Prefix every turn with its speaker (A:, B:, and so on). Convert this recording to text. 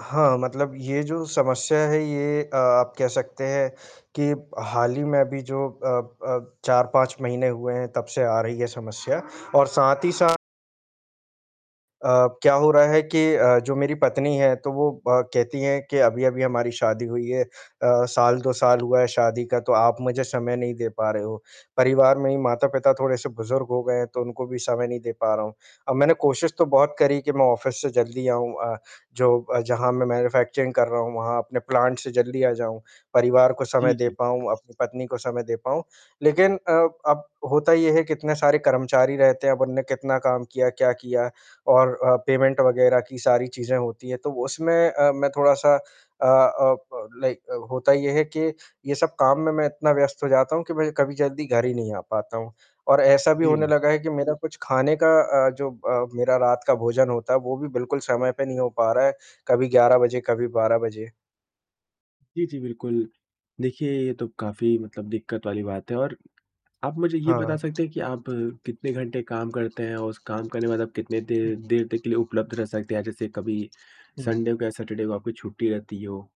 A: हाँ, मतलब ये जो समस्या है ये अ, आप कह सकते हैं कि हाल ही में अभी जो अ अ, 4-5 महीने हुए हैं तब से आ रही है समस्या और साथ ही साथ अ, क्या हो रहा है कि अ, जो मेरी पत्नी है, तो वो ब कहती हैं कि अभी-अभी हमारी शादी हुई है अ, साल 2 साल हुआ है शादी का, तो आप मुझे समय नहीं दे पा रहे हो, परिवार में ही माता-पिता थोड़े-से बुज़ुर्ग हो गए हैं, तो उनको भी समय नहीं दे पा रहा हूँ। अब मैंने कोशिश तो बहुत करी कि मैं ऑफ़िस से जल्दी आऊँ अ, जो अ, जहाँ मैं मैन्युफैक्चरिंग कर रहा हूँ, वहाँ अपने प्लांट से जल्दी आ जाऊँ। परिवार को
B: जी,
A: समय दे
B: जी।
A: पाऊँ, अपनी पत्नी को समय दे पाऊँ, लेकिन अ, अब होता ये है कि इतने सारे कर्मचारी रहते हैं अब उन्होंने कितना काम किया, क्या किया और अ, पेमेंट वग़ैरह की सारी चीज़ें होती हैं। तो उसमें अ, मैं थोड़ा-सा अ अ, प लाइक होता ये है कि, ये सब काम में मैं इतना व्यस्त हो जाता हूँ कि मैं कभी जल्दी घर ही नहीं आ पाता हूँ। और ऐसा भी
B: जी,
A: होने
B: जी।
A: लगा है कि मेरा कुछ खाने का अ, जो अ, मेरा रात का भोजन होता है, वो भी बिल्कुल समय पे नहीं हो पा रहा है, कभी 11 बजे, कभी 12 बजे।
B: जी, जी बिल्कुल। देखिए, ये तो काफ़ी मतलब दिक्कत वाली बात है और आप मुझे ये बता
A: हाँ।
B: सकते हैं कि आप कितने घंटे काम करते हैं और उस काम करने बाद आप कितने देर देर तक लिए उपलब्ध रह सकते हैं? जैसे कभी
A: जी।
B: संडे को या सैटरडे को आपकी छुट्टी रहती हो?